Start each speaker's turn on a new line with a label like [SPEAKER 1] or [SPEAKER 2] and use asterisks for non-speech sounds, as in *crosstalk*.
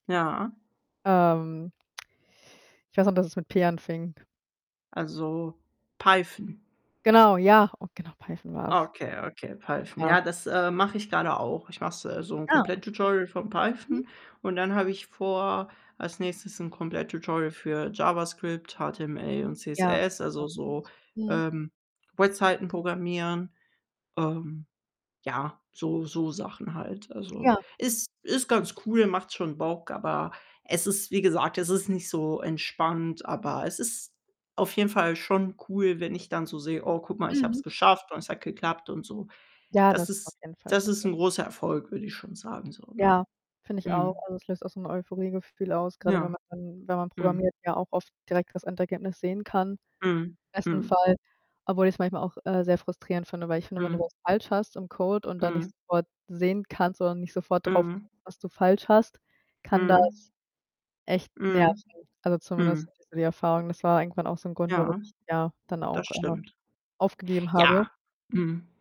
[SPEAKER 1] Ja.
[SPEAKER 2] Ähm Ich weiß noch, dass es mit P anfing.
[SPEAKER 1] Also, Python?
[SPEAKER 2] Genau, ja, oh, genau, Python war's.
[SPEAKER 1] Okay, okay, Python.
[SPEAKER 2] Ja.
[SPEAKER 1] Ja, das, äh, mache ich grade auch. Ich mache es äh, so 'n
[SPEAKER 2] Ja, okay.
[SPEAKER 1] Komplett-Tutorial von
[SPEAKER 2] Mhm.
[SPEAKER 1] Python und dann habe ich vor, als nächstes 'n Komplett-Tutorial für JavaScript, HTML und
[SPEAKER 2] Ja.
[SPEAKER 1] CSS, also,
[SPEAKER 2] *unintelligible*
[SPEAKER 1] so,
[SPEAKER 2] Mhm.
[SPEAKER 1] ähm, Webseiten programmieren. Ähm, ja, so so Sachen halt. Also,
[SPEAKER 2] Ja.
[SPEAKER 1] ist ist ganz cool, macht schon Bock. Aber, es ist, wie gesagt es ist nicht so entspannt, aber, es ist auf jeden Fall schon cool, wenn ich dann so sehe: „Oh, guck mal, ich habe
[SPEAKER 2] Mhm.
[SPEAKER 1] es geschafft und es hat geklappt“, und so.
[SPEAKER 2] Ja,
[SPEAKER 1] Das
[SPEAKER 2] das auf
[SPEAKER 1] ist
[SPEAKER 2] jeden Fall.
[SPEAKER 1] das ist
[SPEAKER 2] *unintelligible*
[SPEAKER 1] 'n großer Erfolg, würde ich schon sagen so, ne?
[SPEAKER 2] Ja, finde ich auch.
[SPEAKER 1] Mhm.
[SPEAKER 2] Also, es löst auch so 'n Euphorie-Gefühl aus, grade wenn
[SPEAKER 1] Ja.
[SPEAKER 2] man wenn man
[SPEAKER 1] Mhm.
[SPEAKER 2] programmiert, ja auch oft direkt das Endergebnis sehen kann,
[SPEAKER 1] Mhm.
[SPEAKER 2] besten
[SPEAKER 1] Mhm.
[SPEAKER 2] Fall. Obwohl ich's manchmal auch, äh, sehr frustrierend finde, weil ich finde, wenn du
[SPEAKER 1] Mhm.
[SPEAKER 2] was falsch hast im Code und dann nicht
[SPEAKER 1] Mhm.
[SPEAKER 2] sofort sehen kannst oder nicht sofort drauf,
[SPEAKER 1] Mhm.
[SPEAKER 2] *unintelligible* was du falsch hast, kann
[SPEAKER 1] Mhm.
[SPEAKER 2] das echt nerven.
[SPEAKER 1] Mhm.
[SPEAKER 2] Also, zumindest
[SPEAKER 1] Mhm.
[SPEAKER 2] hatte ich so die Erfahrung. Das war irgendwann auch so 'n Grund, warum
[SPEAKER 1] Ja,
[SPEAKER 2] ich, ja, dann
[SPEAKER 1] das
[SPEAKER 2] auch irgendwann
[SPEAKER 1] stimmt.
[SPEAKER 2] aufgegeben habe.
[SPEAKER 1] Ja, mhm.